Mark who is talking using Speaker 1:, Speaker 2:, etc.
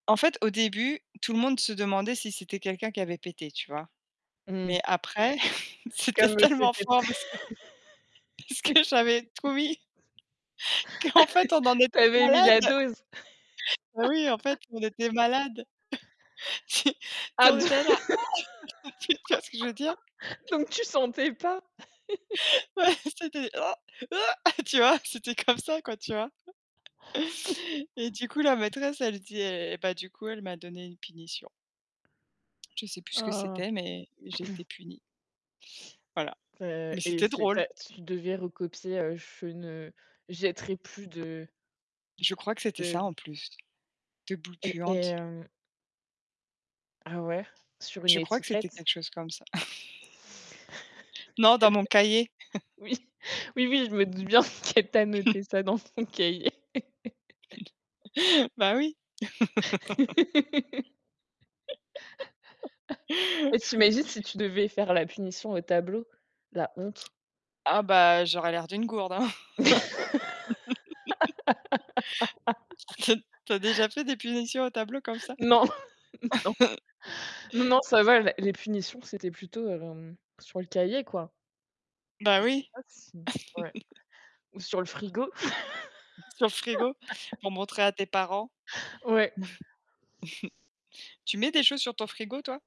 Speaker 1: En fait au début, tout le monde se demandait si c'était quelqu'un qui avait pété, tu vois?
Speaker 2: Mmh
Speaker 1: Mais
Speaker 2: mh.
Speaker 1: après, c'était
Speaker 2: Comme, heu,
Speaker 1: tellement
Speaker 2: c'était
Speaker 1: fort, parce que parce
Speaker 2: t
Speaker 1: que j'avais trop mis qu'en fait on en était
Speaker 2: Tu avais mis la
Speaker 1: malade.
Speaker 2: dose?
Speaker 1: Mais oui, en fait, on était malade. Si tu sais
Speaker 2: Ah
Speaker 1: on
Speaker 2: d
Speaker 1: était là genre: «Ah!» Tu tu vois ce que je veux dire?
Speaker 2: donc tu sentais pas.
Speaker 1: Ouais, c'était: «Oh! Heu!» tu vois? C'était comme ça quoi, tu vois? Et du coup, la maîtresse, elle dit eh, bah, du coup, elle m'a donné une punition. Je sais plus ce que
Speaker 2: Oh!
Speaker 1: c'était, mais j'ai été punie. Voilà.
Speaker 2: C'est
Speaker 1: Mais
Speaker 2: et
Speaker 1: c'était
Speaker 2: c'est tu
Speaker 1: drôle.
Speaker 2: as tu devais recopier, heu: «Je ne jetterai plus de
Speaker 1: Je crois que c'était
Speaker 2: de»
Speaker 1: ça en plus, des boules
Speaker 2: et et
Speaker 1: puantes
Speaker 2: hem Ah ouais, sur une
Speaker 1: Je crois que c'était
Speaker 2: étiquette?
Speaker 1: quelque chose comme ça. Non, dans mon cahier.
Speaker 2: [unintelligible] Oui, oui, oui, je me doute bien qu'elle t'a noté ça dans ton cahier.
Speaker 1: Bah oui.
Speaker 2: Et tu imagines si tu devais faire la punition au tableau? La honte.
Speaker 1: Ah bah, j'aurais l'air d'une gourde, hein. Tu as tu as déjà fait des punitions au tableau comme ça?
Speaker 2: Non, non. Non, non, ça va, la les punitions, c'était plutôt, hem, sur le cahier, quoi.
Speaker 1: Bah
Speaker 2: Je sais
Speaker 1: oui.
Speaker 2: pas si ouais, ou sur le frigo?
Speaker 1: Sur le frigo? Pour montrer à tes parents.
Speaker 2: Ouais.
Speaker 1: Tu mets des choses sur ton frigo, toi?